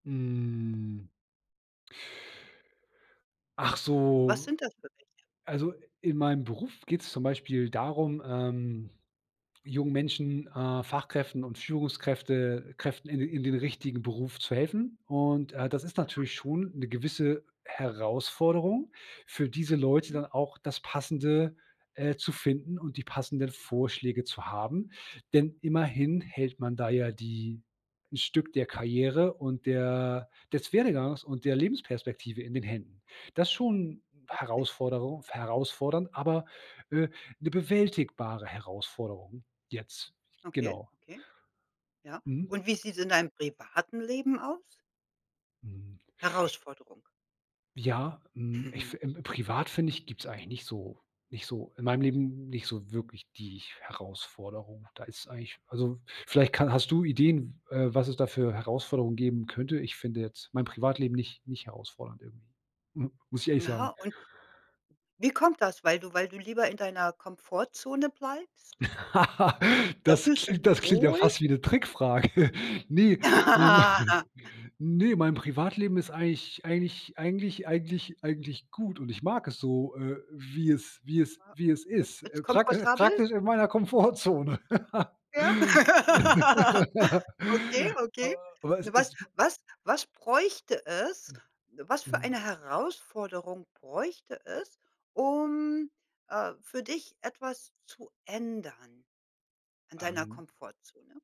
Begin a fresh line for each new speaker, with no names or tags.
Hm. Ach
Was
so
sind das für welche?
also, in meinem Beruf geht es zum Beispiel darum, ähm, jungen Menschen, äh, Fachkräften und Führungskräfte Kräften in den in den richtigen Beruf zu helfen. Und, äh, das ist
Aha.
natürlich schon 'ne gewisse Herausforderung für diese Leute
Mhm.
dann auch das Passende, äh, zu finden und die passenden Vorschläge zu haben, denn immerhin hält man da ja die 'n Stück der Karriere und der des Werdegangs und der Lebensperspektive in den Händen. Das schon
Richtig.
Herausforderung f herausfordernd, aber, äh, 'ne bewältigbare Herausforderung, jetzt.
Okay,
Genau.
okay. Ja.
Mhm.
Und wie sieht es in deinem privaten Leben aus?
Hm.
Herausforderung.
Ja, hm, ich
Mhm.
fi privat finde ich, gibt es eigentlich nicht so nicht so in meinem Leben nicht so wirklich die Herausforderung. Da ist eigentlich also, vielleicht kann hast du Ideen, w äh, was es da für Herausforderungen geben könnte? Ich finde jetzt mein Privatleben nicht nicht herausfordernd irgendwie. Muss ich ehrlich
Aha,
sagen.
und wie kommt das? Weil du weil du lieber in deiner Komfortzone bleibst? Da
Das
fühlst du
klingt
dich
das klingt ja
wohl?
fast wie 'ne Trickfrage! Ne,
Ha
ähm,
ha ha.
ne, mein Privatleben ist eigentlich eigentlich eigentlich eigentlich eigentlich gut, und ich mag es so, äh, wie es wie es
[unintelligible]
wie es
Äh,
ist,
jetzt
äh, prakti
komfortabel?
praktisch in meiner Komfortzone.
Ja? Okay,
A
okay.
aber es
Was
it
was was bräuchte es was für
Mhm.
eine Herausforderung bräuchte es, um, äh, für dich etwas zu ändern in deiner
Ähm.
Komfortzone?